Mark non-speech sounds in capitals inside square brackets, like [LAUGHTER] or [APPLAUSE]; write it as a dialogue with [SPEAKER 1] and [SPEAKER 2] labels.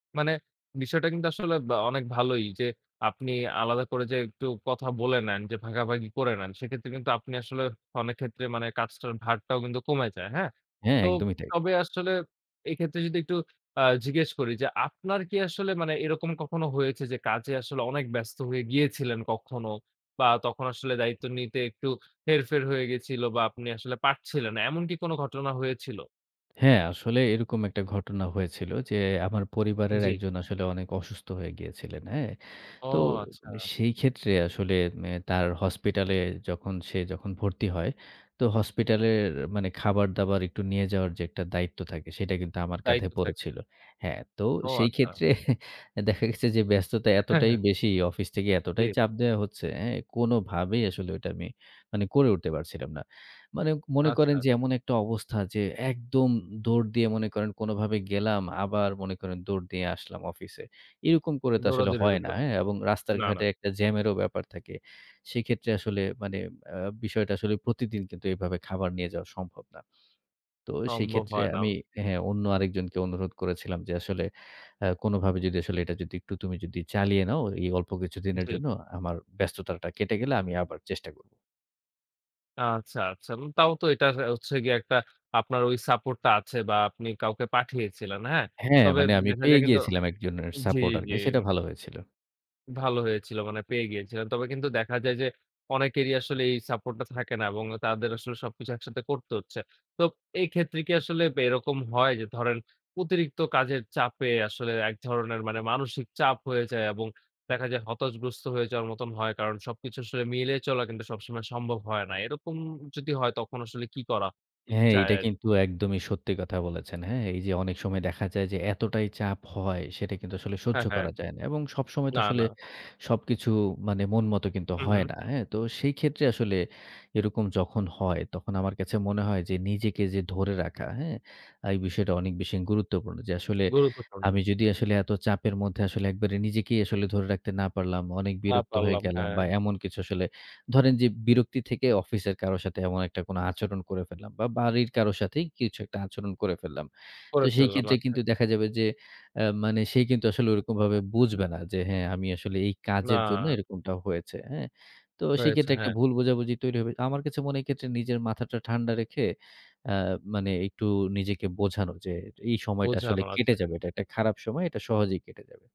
[SPEAKER 1] মানে, বিষয়টা কিন্তু আসলে ব্যা অনেক ভালোই যে, আপনি আলাদা করে যে একটু কথা বলে নেন, যে ভাগাভাগি করে নেন সেক্ষেত্রে কিন্তু আপনি আসলে অনেক ক্ষেত্রে মানে কাজটার ভারটাও কিন্তু কমে যায়, হ্যাঁ?
[SPEAKER 2] হ্যাঁ,
[SPEAKER 1] তো
[SPEAKER 2] একদমই তাই।
[SPEAKER 1] তবে আসলে এক্ষেত্রে যদি একটু আ জিজ্ঞেস করি যে, আপনার কি আসলে মানে এরকম কখনো হয়েছে? যে কাজে আসলে অনেক ব্যস্ত হয়ে গিয়েছিলেন কখনো, বা তখন আসলে দায়িত্ব নিতে একটু হেরফের হয়ে গেছিল, বা আপনি আসলে পারছিলেন না। এমন কি কোন ঘটনা হয়েছিল?
[SPEAKER 2] [TSK] হ্যাঁ, আসলে এরকম একটা ঘটনা হয়েছিল যে, আমার পরিবারের
[SPEAKER 1] জি।
[SPEAKER 2] একজন আসলে অনেক অসুস্থ হয়ে গিয়েছিলেন, হ্যাঁ?
[SPEAKER 1] ও
[SPEAKER 2] তো
[SPEAKER 1] আচ্ছা!
[SPEAKER 2] সেই ক্ষেত্রে আসলে এ তার হসপিটালে যখন সে যখন ভর্তি হয়, তো হসপিটালের মানে খাবার-দাবার একটু নিয়ে যাওয়ার যে একটা দায়িত্ব থাকে, সেটা কিন্তু আমার কাঁধে
[SPEAKER 1] দায়িত্ব থাকে।
[SPEAKER 2] পড়েছিল। হ্যাঁ, তো
[SPEAKER 1] ও
[SPEAKER 2] সেই
[SPEAKER 1] আচ্ছা!
[SPEAKER 2] ক্ষেত্রে দেখা গেছে যে ব্যস্ততা
[SPEAKER 1] হ্যাঁ,
[SPEAKER 2] এতটাই
[SPEAKER 1] হ্যাঁ।
[SPEAKER 2] বেশি, অফিস থেকে এতটাই
[SPEAKER 1] জি।
[SPEAKER 2] চাপ দেয়া হচ্ছে, হ্যাঁ? কোনোভাবেই আসলে ঐটা আমি মানে করে উঠতে পারছিলাম না। মানে মনে করেন
[SPEAKER 1] আচ্ছা।
[SPEAKER 2] যে এমন একটা অবস্থা যে, একদম দৌড় দিয়ে মনে করেন কোনোভাবে গেলাম, আবার মনে করেন দৌড় দিয়ে আসলাম অফিসে। এরকম করে তো আসলে
[SPEAKER 1] দৌড়াদৌড়ির
[SPEAKER 2] হয় না,
[SPEAKER 1] উপরে।
[SPEAKER 2] হ্যাঁ? এবং রাস্তার
[SPEAKER 1] না, না।
[SPEAKER 2] ঘাটে একটা জ্যামেরও ব্যাপার থাকে। সেক্ষেত্রে আসলে মানে আ বিষয়টা আসলে প্রতিদিন কিন্তু এভাবে খাবার নিয়ে যাওয়া সম্ভব না। তো সেই
[SPEAKER 1] সম্ভব
[SPEAKER 2] ক্ষেত্রে
[SPEAKER 1] হয় না।
[SPEAKER 2] আমি হ্যাঁ, হ্যাঁ অন্য আরেকজনকে অনুরোধ করেছিলাম যে আসলে অ্যা "কোনোভাবে যদি আসলে এটা যদি একটু তুমি যদি চালিয়ে নাও, এই অল্প কিছুদিনের
[SPEAKER 1] জি।
[SPEAKER 2] জন্য, আমার ব্যস্ততাটা কেটে গেলে আমি আবার চেষ্টা করব।"
[SPEAKER 1] আচ্ছা, আচ্ছা। উম তাও তো এটার হচ্ছে গিয়ে একটা আপনার ওই সাপোর্ট টা আছে বা আপনি কাউকে পাঠিয়েছিলেন, হ্যাঁ?
[SPEAKER 2] হ্যাঁ,
[SPEAKER 1] তবে
[SPEAKER 2] মানে আমি
[SPEAKER 1] দেখা
[SPEAKER 2] পেয়ে
[SPEAKER 1] যায় কিন্তু
[SPEAKER 2] গিয়েছিলাম একজনের
[SPEAKER 1] জি,
[SPEAKER 2] সাপোর্টার,
[SPEAKER 1] জি।
[SPEAKER 2] বেশ এটা ভালো হয়েছিল।
[SPEAKER 1] ভালো হয়েছিল মানে পেয়ে গিয়েছিল। তবে কিন্তু দেখা যায় যে, অনেকেরই আসলে এই সাপোর্ট টা থাকে না, এবং তাদের আসলে সবকিছু একসাথে করতে হচ্ছে। তো এই ক্ষেত্রে কি আসলে এরকম হয় যে ধরেন অতিরিক্ত কাজের চাপে আসলে এক ধরনের মানে মানসিক চাপ হয়ে যায়, এবং দেখা যায় হতাশগ্রস্ত হয়ে যাওয়ার মতন হয়। কারণ সবকিছু আসলে মিলিয়ে চলা কিন্তু সবসময় সম্ভব হয় না। এরকম যদি হয়, তখন আসলে কি করা
[SPEAKER 2] হ্যাঁ,
[SPEAKER 1] যায়
[SPEAKER 2] এটা
[SPEAKER 1] আর
[SPEAKER 2] কিন্তু একদমই সত্যি কথা বলেছেন, হ্যাঁ? এই যে অনেক সময় দেখা যায় যে এতটাই চাপ হয়, সেটা কিন্তু আসলে সহ্য
[SPEAKER 1] হ্যাঁ, হ্যাঁ।
[SPEAKER 2] করা যায় না। এবং সবসময় তো
[SPEAKER 1] না,
[SPEAKER 2] আসলে
[SPEAKER 1] না।
[SPEAKER 2] সবকিছু মানে মন মত কিন্তু
[SPEAKER 1] হুঁম,
[SPEAKER 2] হয়
[SPEAKER 1] হুম।
[SPEAKER 2] না, হ্যাঁ? তো সেই ক্ষেত্রে আসলে এরকম যখন হয়, তখন আমার কাছে মনে হয় যে, নিজেকে যে ধরে রাখা, হ্যাঁ? এই বিষয়টা অনেক বেশি গুরুত্বপূর্ণ। যে আসলে
[SPEAKER 1] গুরুত্বপূর্ণ।
[SPEAKER 2] আমি যদি আসলে এত চাপের মধ্যে আসলে একবারে নিজেকেই আসলে ধরে রাখতে না পারলাম, অনেক
[SPEAKER 1] না
[SPEAKER 2] বিরক্ত হয়ে
[SPEAKER 1] পারলাম,
[SPEAKER 2] গেলাম, বা
[SPEAKER 1] হ্যাঁ।
[SPEAKER 2] এমন কিছু আসলে ধরেন যে, বিরক্তি থেকে অফিসের কারো সাথে এমন একটা কোনো আচরণ করে ফেললাম, বা বাড়ির কারো সাথেই কিছু একটা আচরণ করে ফেললাম। তো
[SPEAKER 1] করে
[SPEAKER 2] সেই
[SPEAKER 1] ফেললাম,
[SPEAKER 2] ক্ষেত্রে
[SPEAKER 1] আচ্ছা।
[SPEAKER 2] কিন্তু দেখা যাবে যে অ্যা মানে সে কিন্তু আসলে ওরকমভাবে বুঝবে না যে, হ্যাঁ, আমি আসলে এই কাজের জন্য
[SPEAKER 1] না।
[SPEAKER 2] এরকমটা হয়েছে। হ্যাঁ? তো সেই
[SPEAKER 1] হয়েছে,
[SPEAKER 2] ক্ষেত্রে একটা
[SPEAKER 1] হ্যাঁ।
[SPEAKER 2] ভুল বোঝাবুঝি তৈরি হবে। আমার কাছে মনে হয় এক্ষেত্রে নিজের মাথাটা ঠান্ডা রেখে আ মানে একটু নিজেকে বোঝানো যে, "এই সময়টা আসলে
[SPEAKER 1] বোঝানো,
[SPEAKER 2] কেটে
[SPEAKER 1] আচ্ছা।
[SPEAKER 2] যাবে। এটা একটা খারাপ সময় এটা সহজেই কেটে যাবে।"